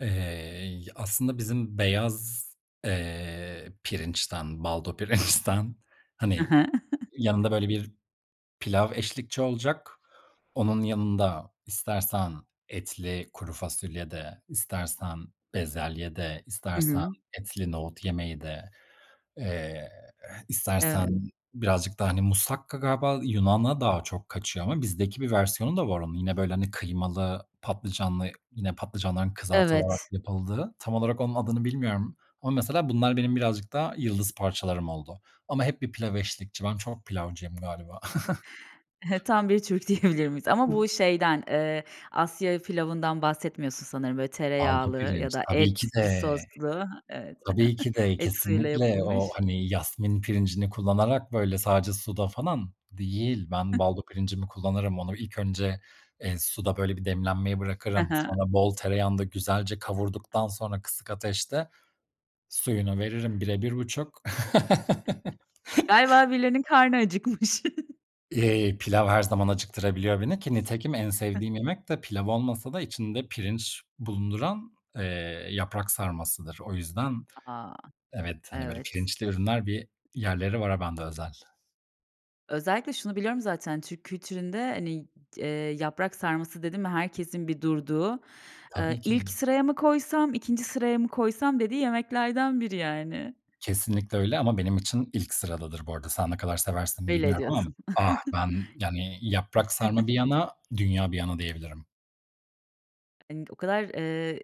Eee, y aslında bizim beyaz, eee, pirinçten, baldo pirinçten, Hı hani, hı. yanında, böyle, bir pilav eşlikçi olacak. Onun yanında istersen etli kuru fasulye de, istersen bezelye de, Hı istersen hı. etli nohut yemeği de, eee, eh, istersen Evet. birazcık da, hani, musakka galiba Yunan'a daha çok kaçıyor ama bizdeki bir versiyonu da var onun. Yine, böyle, hani, kıymalı, patlıcanlı, yine patlıcanların kızartılarak Evet. yapıldığı. Tam olarak onun adını bilmiyorum ama mesela bunlar benim birazcık daha yıldız parçalarım oldu. Ama hep bir pilav eşlikçi. Ben çok pilavcıyım galiba. E, tam bir Türk diyebilir miyiz? Ama [unintelligible] bu şeyden, eee, Asya pilavından bahsetmiyorsun sanırım. Böyle, Baldo tereyağlı ya pirinç. da Tabii ki, etli, de. soslu. Evet. Tabii ki de, Et suyuyla kesinlikle. O, yapılmış. hani, yasemin pirincini kullanarak, böyle, sadece suda falan değil. Ben [unintelligible] baldo pirincimi kullanırım. Onu ilk önce, eee, suda, böyle, bir demlenmeye He bırakırım. he. Sonra bol tereyağında güzelce kavurduktan sonra kısık ateşte suyunu veririm 1'e 1,5. Galiba birilerinin karnı acıkmış. E, pilav her zaman acıktırabiliyor beni ki nitekim en sevdiğim yemek de pilav olmasa da içinde pirinç bulunduran, eee, yaprak sarmasıdır. O yüzden A, a! evet, hani, böyle, Evet. pirinçli ürünler, bir yerleri var a ben de özel. Özellikle şunu biliyorum zaten, Türk kültüründe, hani, d eee, yaprak sarması dedin mi herkesin bir durduğu, Tabii eee, "İlk ki. sıraya mı koysam, 2'nci sıraya mı koysam?" dediği yemeklerden biri, yani. Kesinlikle öyle ama benim için ilk sıradadır bu arada. Sen ne kadar seversin, Belli bilmiyorum ama ediyorsun. ah, ben, yani, yaprak sarma bir yana, dünya bir yana, diyebilirim. Hani, o kadar, eee,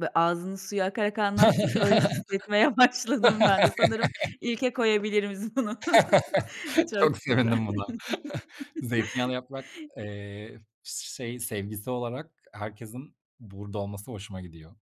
bö ağzının suya akarak anlattın ki öyle hissetmeye başladım ben de. Sanırım ilke koyabiliriz bunu. Çok Çok güzel. sevindim buna. Zeytinyağlı yaprak, eee, s şey sevgisi olarak herkesin burada olması hoşuma gidiyor.